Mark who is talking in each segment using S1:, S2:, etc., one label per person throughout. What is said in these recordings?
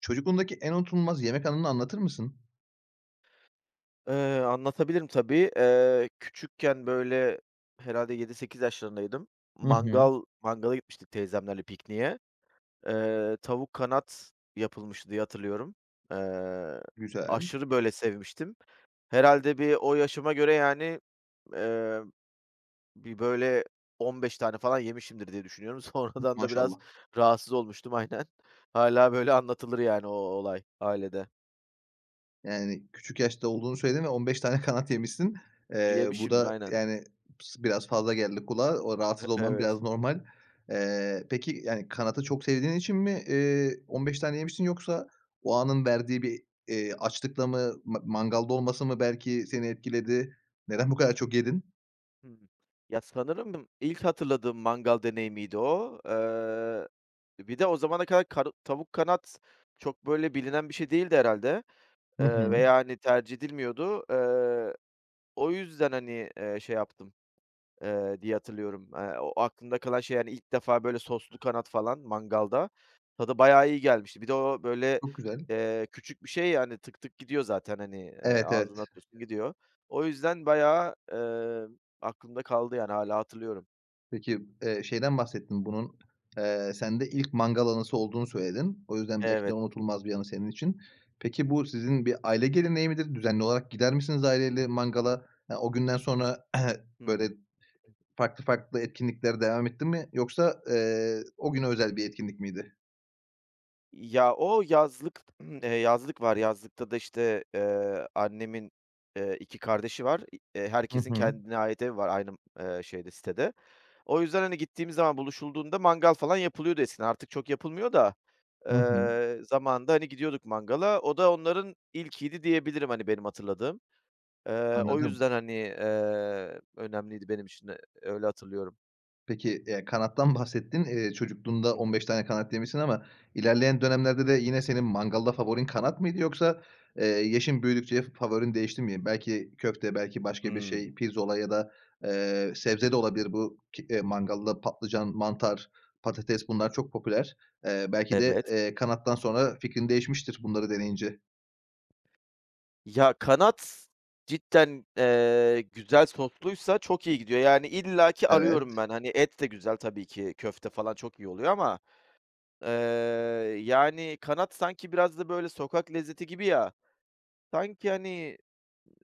S1: Çocukluğundaki en unutulmaz yemek anını anlatır mısın?
S2: Eee, anlatabilirim tabii, eee, küçükken, böyle, herhâlde 7 - 8 yaşlarındaydım.
S1: Hı hı.
S2: Mangal mangala gitmiştik teyzemlerle pikniğe. Eee, tavuk kanat yapılmıştı diye hatırlıyorum. Eee,
S1: Güzel.
S2: aşırı, böyle, sevmiştim. Herhâlde bir o yaşıma göre, yani, eee, bir, böyle, 15 tane falan yemişimdir diye düşünüyorum.
S1: Mı
S2: Sonradan da biraz
S1: Maşallah.
S2: rahatsız olmuştum. Aynen. Hâlâ, böyle, anlatılır, yani, o olay ailede.
S1: Yani, küçük yaşta olduğunu söyledin ve 15 tane kanat yemişsin. Eee, bu
S2: Yemişimdir
S1: da,
S2: aynen.
S1: yani, sı biraz fazla geldi kulağa o
S2: E
S1: rahatsız olman biraz
S2: evet.
S1: normal. Eee, peki, yani, kanadı çok sevdiğin için mi, eee, 15 tane yemişsin yoksa o anın verdiği bir, eee, açlıkla mı ma mangalda olması mı belki seni etkiledi, neden bu kadar çok yedin?
S2: Hı hı. Ya, sanırım ilk hatırladığım mangal deneyimiydi o. Eee, bir de o zamana kadar kar tavuk kanat çok, böyle, bilinen bir şey değildi herhâlde,
S1: Hı
S2: eee,
S1: hı.
S2: veya, hani, tercih edilmiyordu. Eee, o yüzden, hani, eee, şey yaptım, eee, diye hatırlıyorum. Eee, o aklımda kalan şey, hani, ilk defa, böyle, soslu kanat falan mangalda... Tadı bayağı iyi gelmişti. Bir de o, böyle,
S1: Çok güzel.
S2: eee, küçük bir şey, yani, tık tık gidiyor zaten, hani, eee,
S1: Evet
S2: ağzına
S1: evet.
S2: atıyorsun gidiyor. O yüzden bayağı, eee, aklımda kaldı, yani, hâlâ hatırlıyorum.
S1: Peki, eee, şeyden bahsettin bunun, eee, sende ilk mangal anısı olduğunu söyledin. O yüzden belki de
S2: Evet.
S1: unutulmaz bir anı senin için. Peki bu sizin bir aile geleneği midir düzenli olarak gider misiniz aile ile mangala? Eee, o günden sonra böyle
S2: Hımm. [unintelligible]
S1: farklı farklı etkinlikler devam etti mi yoksa, eee, o güne özel bir etkinlik miydi?
S2: Ya, o yazlık yazlık var yazlıkta da, işte, eee, annemin, eee, 2 kardeşi var. Eee,
S1: Hı
S2: herkesin
S1: hı.
S2: kendine ait evi var aynı şeyde sitede. O yüzden, hani, gittiğim zaman buluşulduğunda mangal falan yapılıyordu eskiden artık çok yapılmıyor da,
S1: Hı hı.
S2: eee, zamanında, hani, gidiyorduk mangala. O da onların ilkiydi diyebilirim, hani, benim hatırladığım. Eee, o
S1: Anladım.
S2: yüzden, hani, eee, önemliydi benim için de öyle hatırlıyorum.
S1: Peki, eee, kanattan bahsettin, eee, çocukluğunda
S2: Hı
S1: 15
S2: hı.
S1: tane kanat yemişsin ama ilerleyen dönemlerde de yine senin mangalda favorin kanat mıydı yoksa, eee, yaşın büyüdükçe fa favorin değişti mi belki köfte belki başka bir
S2: Hımm.
S1: şey pirzola ya da, eee, sebze de olabilir bu ki mangalda patlıcan, mantar, patates bunlar çok popüler. Eee, belki de,
S2: Evet.
S1: eee, kanattan sonra fikrin değişmiştir bunları deneyince.
S2: Ya, kanat cidden, eee, güzel sosluysa çok iyi gidiyor, yani, illaki
S1: Evet.
S2: arıyorum ben. Hani, et de güzel tabii ki, köfte falan çok iyi oluyor ama, ııı, yani, kanat sanki biraz da böyle sokak lezzeti gibi ya, sanki, hani,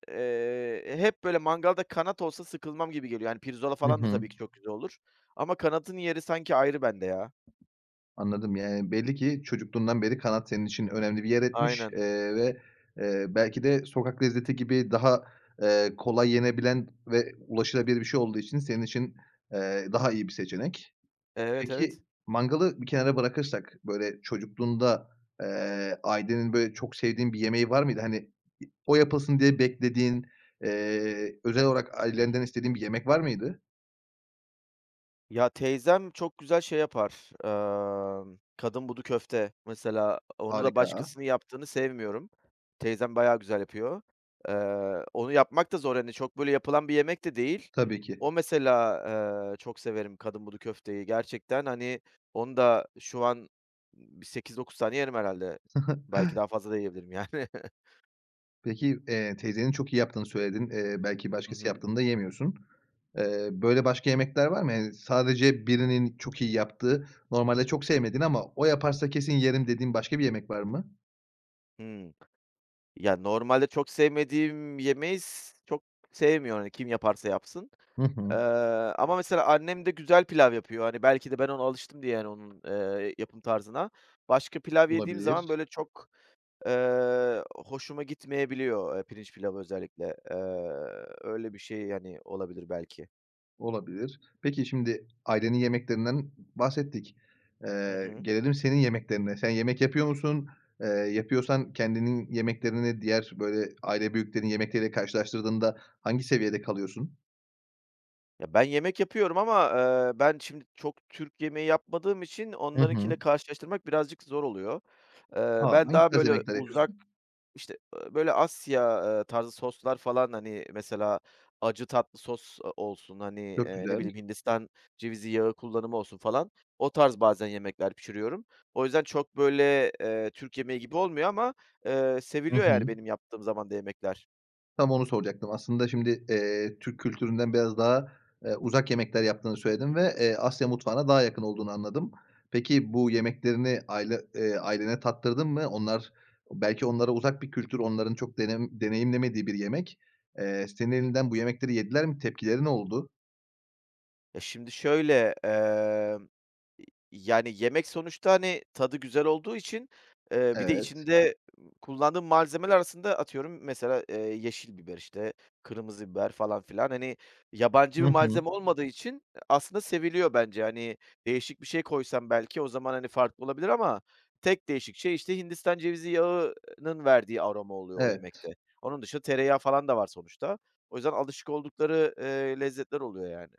S2: eee, hep böyle mangalda kanat olsa sıkılmam gibi geliyor, hani, pirzola
S1: Hı
S2: falan da
S1: hı.
S2: tabii ki çok güzel olur ama kanadın yeri sanki ayrı bende ya.
S1: Anladım, yani, belli ki çocukluğundan beri kanat senin için önemli bir yer etmiş,
S2: Aynen.
S1: eee, ve, eee, belki de sokak lezzeti gibi daha, eee, kolay yenebilen ve ulaşılabilir bir şey olduğu için senin için, eee, daha iyi bir seçenek.
S2: Evet, evet.
S1: Peki, mangalı bir kenara bırakırsak böyle çocukluğunda, eee, ailenin böyle çok sevdiğin bir yemeği var mıydı? Hani, i o yapılsın diye beklediğin, eee, özel olarak
S2: Hımm.
S1: ailenden istediğin bir yemek var mıydı?
S2: Ya, teyzem çok güzel şey yapar, ımm, kadınbudu köfte mesela, onu da
S1: Harika.
S2: başkasının yaptığını sevmiyorum. Teyzem bayağı güzel yapıyor. Iıı, onu yapmak da zor, hani, çok böyle yapılan bir yemek de değil.
S1: Tabii ki.
S2: O mesela, ııı, çok severim kadınbudu köfteyi. Gerçekten, hani, onu da şu an, ımm, bir 8-9 tane yerim herhâlde. Belki daha fazla da yiyebilirim, yani.
S1: Peki, eee, teyzenin çok iyi yaptığını söyledin, eee, belki
S2: Hı
S1: başkası
S2: hı.
S1: yaptığını da yemiyorsun. Eee, böyle başka yemekler var mı? Eee, sadece birinin çok iyi yaptığı, normalde çok sevmediğin ama o yaparsa kesin yerim dediğin başka bir yemek var mı?
S2: Hımm. Ya normalde çok sevmediğim yemeyi s çok sevmiyor, hani, kim yaparsa yapsın,
S1: Hı hı.
S2: eee, ama mesela annem de güzel pilav yapıyor. Hani, belki de ben ona alıştım diye, yani, onun, eee, yapım tarzına, başka pilav yediğim zaman,
S1: Olabilir.
S2: böyle, çok, eee, hoşuma gitmeyebiliyor. Eee, pirinç pilavı özellikle, eee, öyle bir şey, hani, olabilir belki.
S1: Olabilir, peki, şimdi ailenin yemeklerinden b bahsettik.
S2: Hı
S1: Eee,
S2: hı.
S1: gelelim senin yemeklerine, sen yemek yapıyor musun? Eee, yapıyorsan kendinin yemeklerini diğer, böyle, aile büyüklerinin yemekleri ile karşılaştırdığında hangi seviyede kalıyorsun?
S2: Ya, ben yemek yapıyorum ama, eee, ben şimdi çok Türk yemeği yapmadığım için
S1: Hı hı.
S2: onlarınkiyle karşılaştırmak birazcık zor oluyor. Eee,
S1: A!
S2: ben
S1: Hangi
S2: daha,
S1: tarz
S2: böyle,
S1: yemekler
S2: uzak,
S1: yapıyorsun?
S2: işte, ııı, böyle, Asya, eee, tarzı soslar falan, hani, mesela acı tatlı sos, ııı, olsun, hani,
S1: Çok
S2: eee, ne
S1: güzel.
S2: bileyim, Hindistan cevizi yağı kullanımı olsun falan o tarz bazen yemekler pişiriyorum. O yüzden, çok, böyle, eee, Türk yemeği gibi olmuyor ama, eee,
S1: Hı
S2: seviliyor, yani,
S1: hı.
S2: benim yaptığım zaman da yemekler.
S1: Tam onu soracaktım aslında şimdi, eee, Türk kültüründen biraz daha, eee, uzak yemekler yaptığını söyledin
S2: Hı
S1: ve,
S2: hı.
S1: eee, Asya mutfağına daha yakın olduğunu anladım. Peki, bu yemeklerini aile eee, ailene tattırdın mı? Onlar, ııı, belki onlara uzak bir kültür, onların çok denem deneyimlemediği bir yemek, eee, senin elinden bu yemekleri yediler mi? Tepkileri ne oldu?
S2: Ya, şimdi şöyle, emm, y yani yemek sonuçta, hani, tadı güzel olduğu için, eee, bir de
S1: Evet.
S2: içinde kullandığım malzemeler arasında atıyorum mesela, eee, yeşil biber, işte, kırmızı biber falan filan, hani, yabancı
S1: Hı
S2: bir
S1: hı.
S2: malzeme olmadığı için aslında seviliyor bence, hani, değişik bir şey koysam belki o zaman, hani, farklı olabilir ama tek değişik şey, işte, Hindistan cevizi yağının verdiği aroma oluyor o
S1: Evet.
S2: yemekte. Onun dışında tereyağı falan da var sonuçta. O yüzden, alışık oldukları, eee, lezzetler oluyor yani.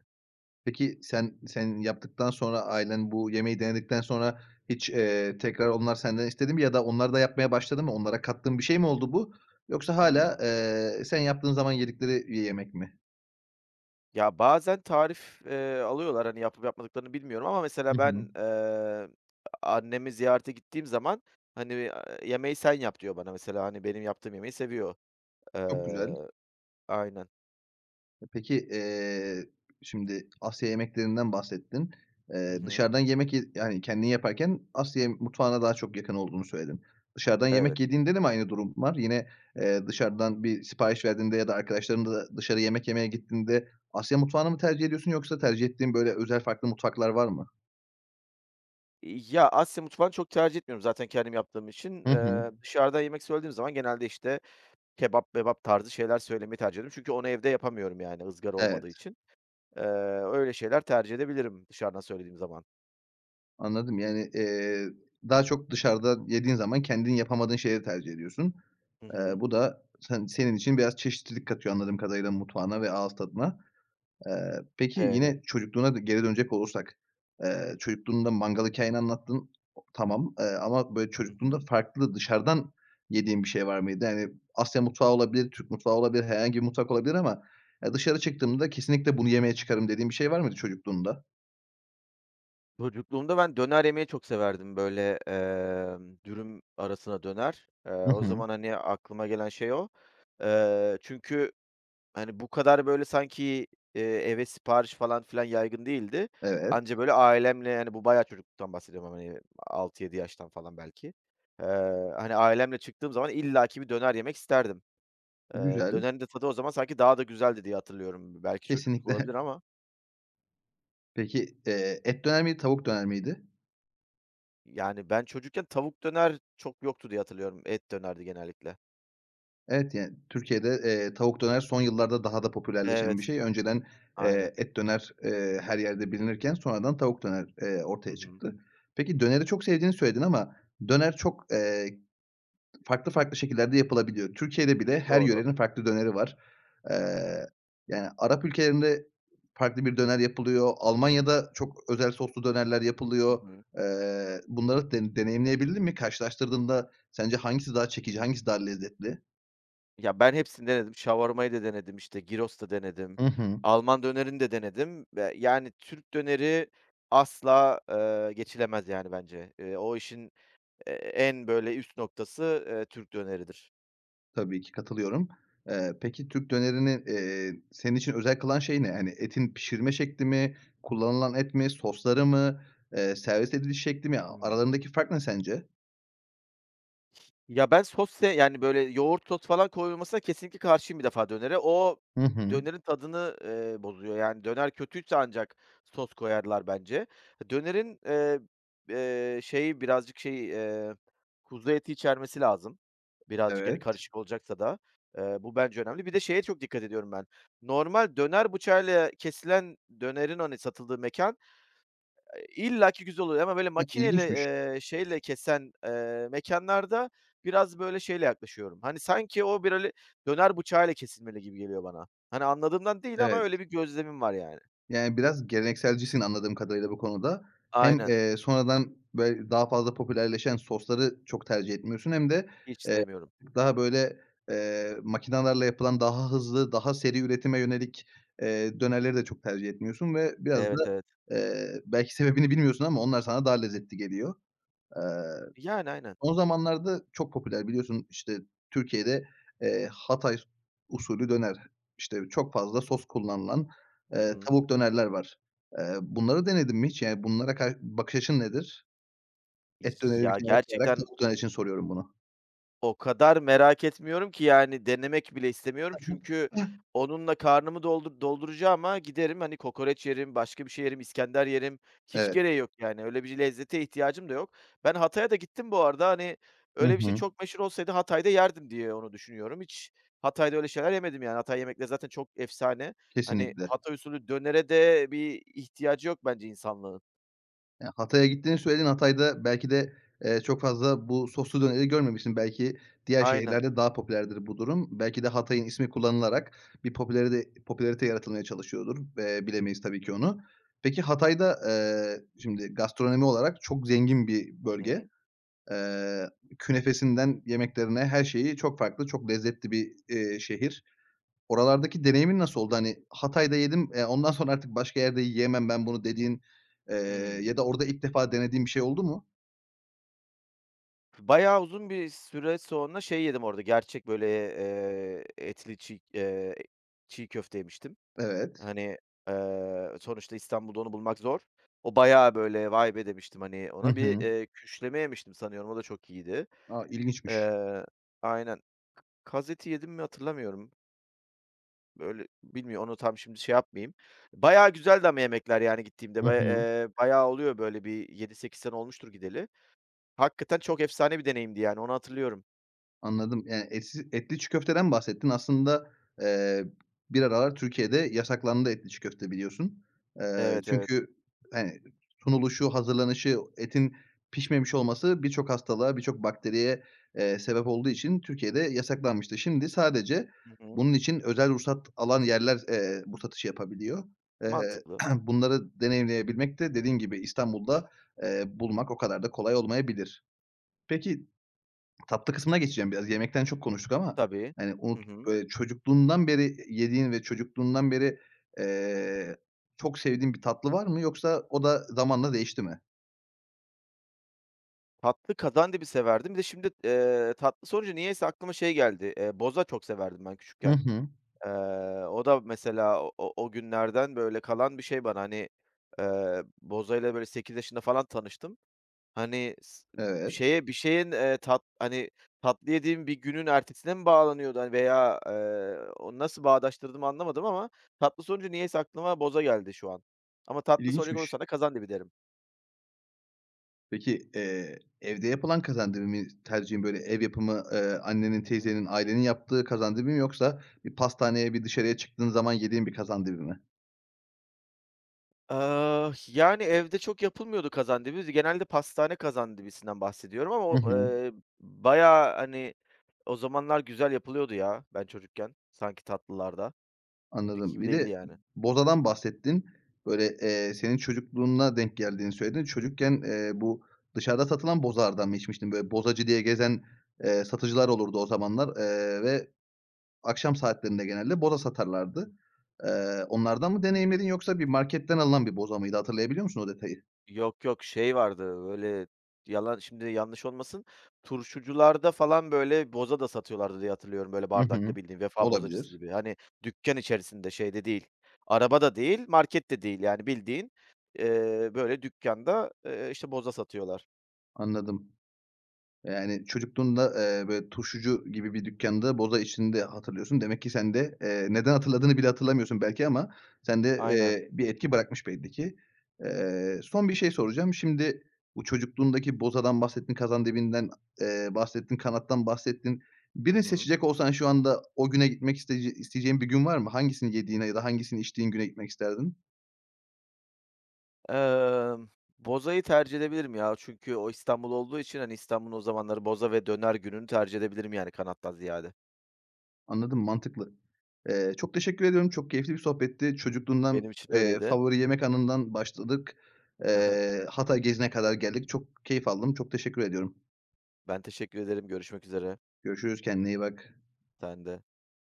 S1: Peki, sen, sen yaptıktan sonra ailen bu yemeği denedikten sonra hiç, eee, tekrar onlar senden istedi mi ya da onlar da yapmaya başladı mı? Onlara kattığın bir şey mi oldu bu yoksa hâlâ,
S2: Hımm.
S1: eee, sen yaptığın zaman yedikleri bir yemek mi?
S2: Ya, bazen tarif, eee, alıyorlar, hani, yapıp yapmadıklarını bilmiyorum ama
S1: Hı
S2: mesela
S1: hı.
S2: ben, eee, annemi ziyarete gittiğim zaman, hani, ııı, yemeği sen yap diyor bana mesela, hani, benim yaptığım yemeği seviyor.
S1: Çok güzel.
S2: Iıı, aynen.
S1: E peki, eee, şimdi Asya yemeklerinden bahsettin.
S2: Hı
S1: Eee,
S2: hı.
S1: dışarıdan yemek ye yani kendin yaparken Asya ye mutfağına daha çok yakın olduğunu söyledin. Dışarıdan yemek
S2: Evet.
S1: yediğinde de mi aynı durum var? Yine, eee, dışarıdan bir sipariş verdiğinde ya da arkadaşlarınla da dışarı yemek yemeye gittiğinde Asya mutfağını mı tercih ediyorsun yoksa tercih ettiğin böyle özel farklı mutfaklar var mı?
S2: Ya, Asya mutfağını çok tercih etmiyorum zaten kendim yaptığım için.
S1: Hı hı.
S2: Eee, dışarıda yemek söylediğim zaman genelde, işte, kebap mebap tarzı şeyler söylemeyi tercih ediyorum çünkü onu evde yapamıyorum. Yani, ızgara olmadığı
S1: Evet.
S2: için, eee, öyle şeyler tercih edebilirim dışarıdan söylediğim zaman.
S1: Anladım, yani, eee, daha çok dışarıda yediğin zaman kendin yapamadığın şeyi tercih ediyorsun.
S2: Hı
S1: Eee,
S2: hı.
S1: bu da sen senin için biraz çeşitlilik katıyor anladığım kadarıyla mutfağına ve ağız tadına. Eee, peki,
S2: [unintelligible]
S1: yine çocukluğuna da geri dönecek olursak, eee, çocukluğunda mangal hikâyeni anlattın, tamam, eee, ama böyle
S2: Hı
S1: çocukluğunda
S2: hı.
S1: farklı dışarıdan yediğin bir şey var mıydı? Hani, Asya mutfağı olabilir, Türk mutfağı olabilir, herhangi bir mutfak olabilir ama, eee, dışarı çıktığımda kesinlikle bunu yemeye çıkarım dediğin bir şey var mıydı çocukluğunda?
S2: Çocukluğumda ben döner yemeyi çok severdim. Böyle, emm, dürüm arasına döner, eee,
S1: Hı
S2: o
S1: hı.
S2: zaman, hani, aklıma gelen şey o. Eee, çünkü, hani, bu kadar, böyle, sanki, iii, eve sipariş falan filan yaygın değildi.
S1: Evet.
S2: Anca böyle ailemle, yani, bu bayağı çocukluktan bahsediyorum ama [unintelligible] 6-7 yaştan falan, belki, eee, hani, ailemle çıktığım zaman illaki bir döner yemek isterdim. Eee,
S1: Güzel.
S2: dönerin de tadı o zaman sanki daha da güzeldi diye hatırlıyorum. B belki çocukluk olabilir
S1: Kesinlikle.
S2: ama.
S1: Peki, eee, et döner miydi, tavuk döner miydi?
S2: Yani, ben çocukken tavuk döner çok yoktu diye hatırlıyorum. Et dönerdi genellikle.
S1: Evet, yani, Türkiye'de, eee, tavuk döner son yıllarda daha da popülerleşen bir
S2: Evet,
S1: şey. Önceden,
S2: aynen.
S1: eee, et döner, eee, her yerde bilinirken sonradan tavuk döner, eee,
S2: Hı
S1: ortaya
S2: hı.
S1: çıktı. Peki, döneri çok sevdiğini söyledin ama döner çok, eee, farklı farklı şekillerde yapılabiliyor. Türkiye'de bile her
S2: Doğru.
S1: yörenin farklı döneri var. Eee, yani, Arap ülkelerinde farklı bir döner yapılıyor, Almanya'da çok özel soslu dönerler
S2: Hı
S1: yapılıyor.
S2: hı.
S1: Eee, bunları da de deneyimleyebildin mi? Karşılaştırdığında sence hangisi daha çekici, hangisi daha lezzetli?
S2: Ya, ben hepsini denedim. Shawarma'yı da denedim, işte Gyros da denedim,
S1: Hı hı.
S2: Alman dönerini de denedim ve, yani, Türk döneri asla, ııı, geçilemez yani, bence. Eee, o işin, eee, en böyle üst noktası, eee, Türk döneridir.
S1: Tabii ki, katılıyorum. Eee, peki, Türk dönerini, eee, senin için özel kılan şey ne? Hani, etin pişirme şekli mi, kullanılan et mi, soslarımı, eee, servis ediliş şekli mi? A
S2: Hı hı.
S1: aralarındaki fark ne sence?
S2: Ya, ben sos se yani, böyle yoğurt sos falan koyulmasına kesinlikle karşıyım, bir defa dönere. O
S1: Hı hı.
S2: dönerin tadını, ııı, bozuyor, yani, döner kötüyse ancak sos koyarlar, bence. Dönerin, eee, eee, şeyi birazcık şeyi, eee, kuzu eti içermesi lazım birazcık, hani,
S1: Evet.
S2: karışık olacaksa da. Iıı, bu bence önemli. Bir de şeye çok dikkat ediyorum ben; normal döner bıçağıyla kesilen dönerin, hani satıldığı mekân, eee, illaki güzel oluyor ama böyle
S1: Hı,
S2: makineyle,
S1: ilginçmiş.
S2: ııı, şeyle kesen, eee, mekânlarda biraz böyle şeyle yaklaşıyorum. Hani, sanki o böyle, hani, döner bıçağıyla kesilmeli gibi geliyor bana. Hani, anladığımdan değil ama
S1: Evet.
S2: öyle bir gözlemim var yani.
S1: Yani, biraz gelenekselcisin, anladığım kadarıyla bu konuda. Hem,
S2: Aynen.
S1: eee, sonradan böyle daha fazla popülerleşen sosları çok tercih etmiyorsun hem de,
S2: Hiç
S1: eee,
S2: sevmiyorum.
S1: daha böyle, eee, makinalarla yapılan, daha hızlı, daha seri üretime yönelik, eee, dönerleri de çok tercih etmiyorsun ve biraz da,
S2: Evet, evet.
S1: eee, belki sebebini bilmiyorsun ama onlar sana daha lezzetli geliyor. Eee,
S2: Yani aynen.
S1: son zamanlarda çok popüler, biliyorsun, işte Türkiye'de, eee, Hatay s usulü döner, işte çok fazla sos kullanılan,
S2: Hı
S1: ııı,
S2: hı.
S1: tavuk dönerler var. Eee, bunları denedin mi hiç? Yani, bunlara kar bakış açın nedir? Et döneri bir
S2: Ya
S1: kenara koyarak,
S2: gerçekten
S1: tavuk döner için soruyorum bunu.
S2: o kadar merak etmiyorum ki, yani, denemek bile istemiyorum;
S1: Hı hı.
S2: çünkü
S1: Hah.
S2: onunla karnımı doldur dolduracağıma, giderim, hani, kokoreç yerim, başka bir şey yerim, iskender yerim; hiç
S1: Evet.
S2: gereği yok yani, öyle bir lezzete ihtiyacım da yok. Ben Hatay'a da gittim bu arada, hani,
S1: Hı
S2: öyle bir şey
S1: hı.
S2: çok meşhur olsaydı Hatay'da yerdim diye onu düşünüyorum. Hiç Hatay'da öyle şeyler yemedim yani, Hatay yemekleri zaten çok efsane. Hani,
S1: Kesinlikle.
S2: Hatay usulü dönere de bir ihtiyacı yok bence insanlığın.
S1: Ya, Hatay'a gittiğini söyledin. Hatay'da belki de, eee, çok fazla bu soslu döneri görmemişsin; belki diğer
S2: Aynen.
S1: şehirlerde daha popülerdir bu durum. Belki de Hatay'ın ismi kullanılarak bir popülaride popülarite yaratılmaya çalışıyordur ve bilemeyiz tabii ki onu. Peki, Hatay'da, ııı, şimdi gastronomi olarak çok zengin bir
S2: Hı
S1: bölge.
S2: hı.
S1: Eee, künefesinden yemeklerine, her şeyi çok farklı, çok lezzetli bir, iii, şehir. Oralardaki deneyimin nasıl oldu; hani, Hatay'da yedim, eee, ondan sonra artık başka yerde yiyemem ben bunu dediğin, eee,
S2: Hıı.
S1: ya da orada ilk defa denediğin bir şey oldu mu?
S2: Bayağı uzun bir süre sonra şey yedim orada, gerçek böyle, eee, etli çiğ, eee, çiğ köfte yemiştim.
S1: Evet.
S2: Hani, eee, sonuçta İstanbul'da onu bulmak zor. O bayağı böyle, "Vay be!" demiştim, hani,
S1: Hı
S2: ona bir,
S1: hı.
S2: eee, küşleme yemiştim sanıyorum, o da çok iyiydi.
S1: A, ilginçmiş.
S2: Eee, aynen, kaz eti yedim mi hatırlamıyorum. Böyle bilmiyor, onu tam; şimdi şey yapmayayım. Bayağı güzeldi ama yemekler, yani, gittiğimde
S1: Hı
S2: bay,
S1: hı.
S2: eee, bayağı oluyor böyle bir 7-8 sene olmuştur gideli. Hakikaten çok efsane bir deneyimdi, yani, onu hatırlıyorum.
S1: Anladım, yani, etsi etli çiğ köfteden mi bahsettin? Aslında, eee, bir aralar Türkiye'de yasaklandı, etli çiğ köfte, biliyorsun. Eee,
S2: Evet, evet.
S1: çünkü, hani, sunuluşu, hazırlanışı, etin pişmemiş olması birçok hastalığa, birçok bakteriye, eee, sebep olduğu için Türkiye'de yasaklanmıştı. Şimdi sadece
S2: Hı hı.
S1: bunun için özel ruhsat alan yerler, eee, bu satışı yapabiliyor. Eee,
S2: Mantıklı.
S1: bunları deneyimleyebilmek de, dediğim gibi, İstanbul'da, eee, bulmak o kadar da kolay olmayabilir. Peki, tatlı kısmına geçeceğim biraz. Yemekten çok konuştuk ama,
S2: Tabii.
S1: hani,
S2: Hı
S1: unut
S2: hı.
S1: böyle çocukluğundan beri yediğin ve çocukluğundan beri, eee, çok sevdiğin bir tatlı var mı yoksa o da zamanla değişti mi?
S2: Tatlı kazandibi severdim, bir de şimdi, eee, tatlı sorunca niyeyse aklıma şey geldi, eee, boza çok severdim ben
S1: Hı
S2: küçükken.
S1: hı.
S2: Eee, o da mesela o o günlerden, böyle, kalan bir şey bana, hani, eee, bozayla böyle 8 yaşında falan tanıştım. Hani s ımm,
S1: Evet.
S2: şeye bir şeyin, eee, tat hani, tatlı yediğim bir günün ertesine mi bağlanıyordu, hani, veya, eee, o nasıl bağdaştırdığımı anlamadım ama tatlı sorunca niyeyse aklıma boza geldi şu an ama tatlı soracak
S1: İlginçmiş.
S2: olursan da kazandibi derim.
S1: Peki, eee, evde yapılan kazandibi mi tercihin böyle ev yapımı, ııı, annenin,
S2: Hı hı.
S1: teyzenin ailenin yaptığı kazandibi mi yoksa bir pastaneye bir dışarıya çıktığın zaman yediğin bir kazandibi mi?
S2: Iıı, h yani, evde çok yapılmıyordu kazandibi, z genelde pastane kazandibisinden bahsediyorum ama
S1: Hı
S2: o,
S1: hı.
S2: ııı, bayağı, hani, o zamanlar güzel yapılıyordu ya, ben çocukken sanki tatlılar da, şimdiki
S1: Anladım
S2: gibi
S1: bir de ı
S2: değildi yani.
S1: bozadan bahsettin, böyle, eee, senin çocukluğuna denk geldiğini söyledin, çocukken, eee, bu dışarıda satılan bozalardan mı içmiştin? Böyle, bozacı diye gezen, eee, satıcılar olurdu o zamanlar, eee, ve akşam saatlerinde genelde boza satarlardı. Eee, onlardan mı
S2: Hı hı.
S1: deneyimledin yoksa bir marketten alınan bir boza mıydı hatırlayabiliyor musun o detayı?
S2: Yok yok, şey vardı, böyle, yalan şimdi yanlış olmasın, turşucularda falan, böyle, boza da satıyorlardı diye hatırlıyorum, böyle,
S1: Hı
S2: bardakta
S1: hı.
S2: bildiğin, Vefa Bozacısı
S1: Olabilir.
S2: gibi. Hani, dükkân içerisinde, şeyde değil, araba da değil, market de değil. Yani, bildiğin, eee, böyle, dükkânda, eee, işte, boza satıyorlar.
S1: Anladım. Yani, çocukluğunda, eee, böyle, turşucu gibi bir dükkânda boza içtiğini de hatırlıyorsun. Demek ki sen de, eee, neden hatırladığını bile hatırlamıyorsun belki ama sende,
S2: Aynen.
S1: eee, bir etki bırakmış belli ki. Eee, son bir şey soracağım, şimdi bu çocukluğundaki bozadan bahsettin, kazandibinden, eee, bahsettin, kanattan bahsettin.
S2: Hı
S1: Birini
S2: hı.
S1: seçecek olsan şu anda o güne gitmek isteyece isteyeceğin bir gün var mı? Hangisini yediğine ya da hangisini içtiğin güne gitmek isterdin?
S2: Emm, bozayı tercih edebilirim ya. Çünkü o İstanbul olduğu için, hani, İstanbul'un o zamanları, boza ve döner gününü tercih edebilirim, yani, kanattan ziyade.
S1: Anladım mantıklı. Eee, çok teşekkür ediyorum çok keyifli bir sohbetti
S2: Benim
S1: çocukluğundan,
S2: için
S1: eee,
S2: öyleydi.
S1: favori yemek anından başladık,
S2: Hı hı.
S1: eee, Hatay gezine kadar geldik çok keyif aldım, çok teşekkür ediyorum.
S2: Ben teşekkür ederim, görüşmek üzere.
S1: Görüşürüz kendine iyi bak.
S2: Sen de.